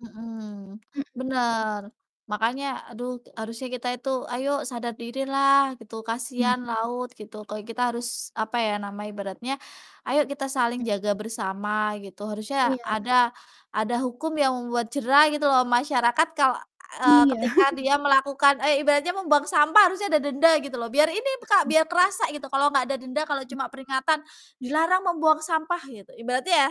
Mhm, Mhm mhm. bener. Makanya aduh harusnya kita itu ayo sadar dirilah gitu, Mhm. kasihan laut gitu. Kalau kita harus Mhm. apa ya nama ibaratnya, "Ayo kita saling jaga bersama," gitu. Harusnya Iya. ada ada hukum yang membuat jera gitu loh masyarakat kalau, eee, Iya. ketika dia melakukan eh, ibaratnya membuang sampah harusnya ada denda gitu loh biar ini b Kak, Mhm. biar kerasa gitu kalau nggak ada denda kalau Mhm. cuma peringatan, "Dilarang membuang sampah," gitu ibaratnya ya,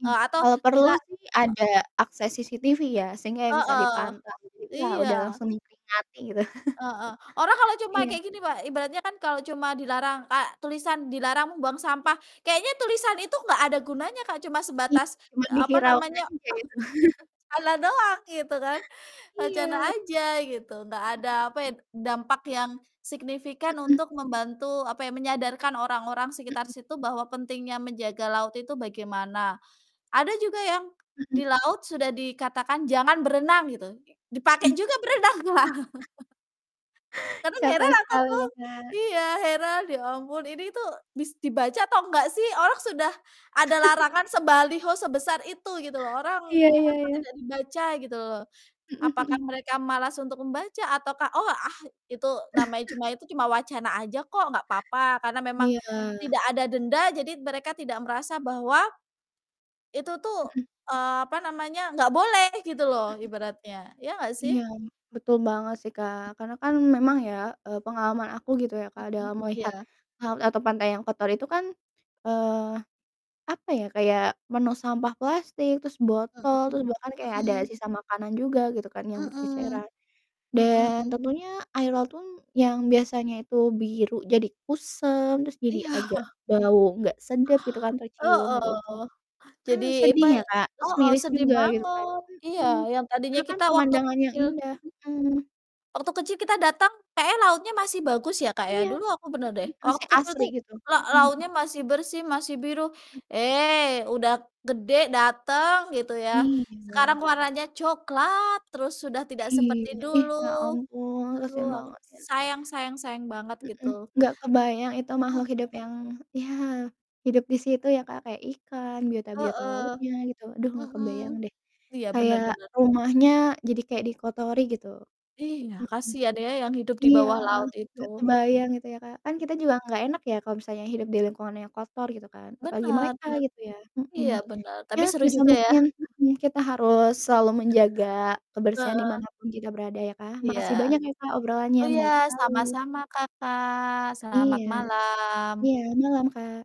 Mmm, eee, atau kalau perlu dila sih e ada akses CCTV ya sehingga bisa Heeh, dipantau, [unintelligible] wah udah iya. langsung diperingati gitu. Heeh, orang kalau cuma Iya. kayak gini Mbak, ibaratnya kan kalau cuma dilarang kayak tulisan, "Dilarang membuang sampah," kayaknya tulisan itu enggak ada gunanya Kak cuma I sebatas i cuman apa diviralkan namanya, aja itu. wacana doang gitu kan, wacana Iya bet aja gitu, enggak ada Mhm. apa ya, dampak yang signifikan Mhm. untuk membantu apa ya, menyadarkan orang-orang sekitar Mhm. situ bahwa pentingnya menjaga laut itu bagaimana. Ada juga yang di Mhm. laut sudah dikatakan, "Jangan berenang," gitu, dipakai Mhm. juga berenang Kak. Kadang Capek heran aku sekali tuh, ya, Kak. iya heran ya ampun, ini tuh bis dibaca atau enggak sih orang sudah ada larangan sebaliho sebesar itu gitu loh, orang Iya iya kenapa iya. tidak dibaca gitu loh. Mhm Apakah mhm. mereka malas untuk membaca ataukah, "Oh, ah itu namanya cuma itu, cuma wacana aja kok, nggak apa-apa," karena memang Iya. tidak ada denda jadi t mereka tidak merasa bahwa itu tuh, Mhm. eee, apa namanya, nggak boleh gitu loh Mhm. ibaratnya, ya nggak sih? Iya, betul banget sih Kak, karena kan memang ya, eee, pengalaman aku gitu ya Kak, Mhm, dalam melihat iya. laut atau pantai yang kotor itu kan, eee, apa ya, kayak penuh sampah plastik, terus botol, Mhm, terus bahkan kayak ada mhm. sisa makanan juga gitu kan yang Mhm, berceceran. mhm. Dan, tentunya air laut tun yang biasanya itu biru jadi kusam, terus jadi agak Iya. bau gak sedap gitu kan tercium gitu. Heeh, Kan jadi sedih apa ya Kak, terus heeh, miris sedih juga gitu kan, banget. Iya mhm. yang tadinya Karena kan kita waktu pemandangan yang kecil indah, mhm. waktu kecil kita datang kayaknya lautnya masih bagus ya Kak ya. Iya, Dulu aku bener deh mhm, terus waktu kayak kecil asri tuh gitu. la Mhm mhm. lautnya masih bersih, masih biru. Mhm. Eh, udah gede dateng gitu ya, Mmm, sekarang iya. warnanya coklat terus sudah tidak seperti Iya, ih, dulu, ya ampun aduh kasihan aku banget ya. sayang sayang sayang banget Mhm, gitu. gak kebayang itu Mhm. makhluk hidup yang ya hidup di situ ya Kak, kayak ikan, biota-biota Heeh, lautnya gitu, aduh gak mhm. kebayang deh. Iya bener Kayak bener. rumahnya jadi kayak dikotori gitu. Iya, Mhm. kasihan ya yang hidup di Iya, bawah laut itu. gak kebayang gitu ya Kak, kan kita juga gak enak ya kalau misalnya hidup di lingkungan yang kotor gitu kan apalagi Benar mereka benar. gitu ya, mhm. Iya benar, tapi Ya seru sebisa juga ya. mungkin mhm, kita harus selalu menjaga kebersihan di Heeh. mana pun kita berada ya Kak. Iya. Makasih banyak ya Kak obrolannya Oh iya, menarik sekali. sama-sama Kakak, selamat Iya. malam. Iya, malam Kak.